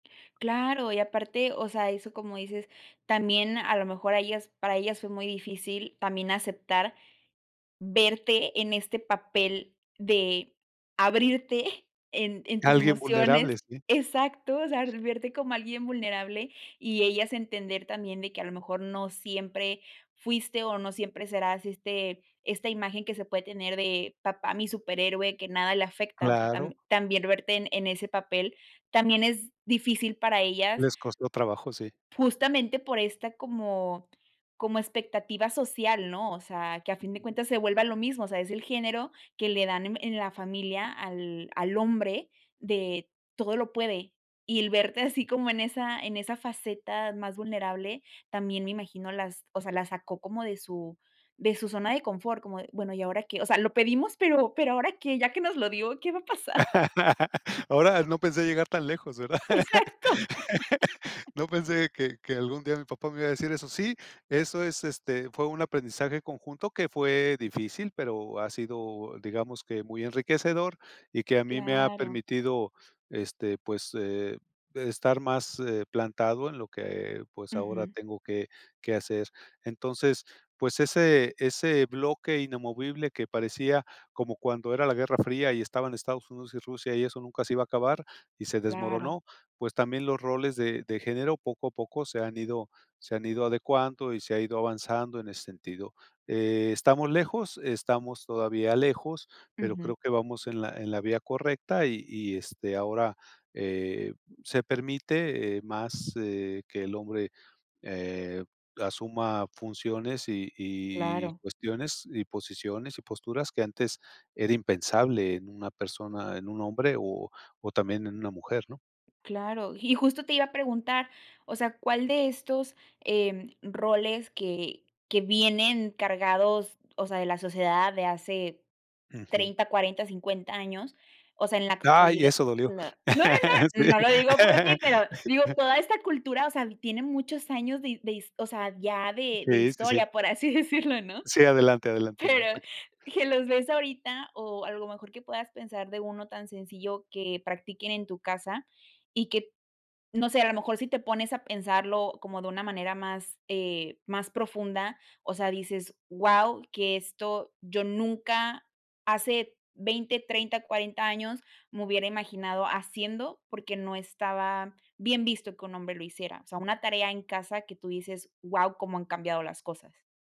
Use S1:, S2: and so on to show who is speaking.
S1: Claro. Y aparte, o sea, eso como dices, también a lo mejor a ellas para ellas fue muy difícil también aceptar verte en este papel de abrirte en en tus
S2: Alguien vulnerable,
S1: emociones
S2: sí.
S1: exacto. O sea, el verte como alguien vulnerable y ellas entender también de que a lo mejor no siempre fuiste o no siempre serás, este, esta imagen que se puede tener de papá, mi superhéroe, que nada le afecta, o sea,
S2: Claro.
S1: tam también verte en en ese papel, también es difícil para ellas
S2: Les costó trabajo, sí.
S1: justamente por esta como como expectativa social, ¿no? O sea, que a fin de cuentas se vuelva lo mismo. O sea, es el género que le dan en en la familia, al al hombre, de todo lo puede, y el verte así como en esa en esa faceta más vulnerable también me imagino las o sea, las sacó como de su de su zona de confort, como de, bueno, ¿y ahora qué? O sea, lo pedimos, pero pero ¿ahora qué? Ya que nos lo dio, ¿qué va a pasar? [unintelligible]
S2: Ahora, no pensé llegar tan lejos, ¿verdad?
S1: Exacto.
S2: No pensé que que algún día mi papá me iba a decir eso. Sí, eso es. Este fue un aprendizaje conjunto que fue difícil, pero ha sido, digamos que muy enriquecedor y que a mí me ha
S1: Claro.
S2: permitido, este, pues, eh, estar más, eh, plantado en lo que, pues, ahora
S1: Ujú.
S2: tengo que que hacer. Entonces, pues ese ese bloque inamovible que parecía como cuando era la Guerra Fría y estaban Estados Unidos y Rusia y eso nunca se iba a acabar y se
S1: Claro.
S2: desmoronó, pues también los roles de de género poco a poco se han ido se han ido adecuando y se ha ido avanzando en ese sentido. Eh, estamos lejos, estamos todavía lejos, pero
S1: Ujú.
S2: creo que vamos en la en la vía correcta y y, este, ahora, eh, se permite, eh, más, eh, que el hombre, eh, asuma funciones y y
S1: Claro.
S2: cuestiones y posiciones y posturas que antes era impensable en una persona, en un hombre, o o también en una mujer, ¿no?
S1: Claro, y justo te iba a preguntar, o sea, ¿cuál de estos, em, roles que que vienen cargados, o sea, de la sociedad, de hace
S2: Ujú.
S1: 30, 40, 50 años. O sea, en la
S2: ¡Ay!
S1: actualidad,
S2: Eso dolió.
S1: la no, no, no,
S2: Sí.
S1: no lo digo por ti, pero, digo, toda esta cultura, o sea, tiene muchos años de de his o sea, ya de de
S2: Sí, sí, sí.
S1: historia, por así decirlo, ¿no?
S2: Sí, adelante, adelante, no
S1: Pero
S2: te c
S1: que los ves ahorita o, a lo mejor que puedas pensar de uno tan sencillo que practiquen en tu casa y que no sé, a lo mejor si te pones a pensarlo como de una manera, más, eh, más profunda, o sea, dices guau, que esto yo nunca hace 20, 30, 40 años me hubiera imaginado haciendo, porque no estaba bien visto que un hombre lo hiciera. O sea, una tarea en casa que tú dices: "Guau, cómo han cambiado las cosas".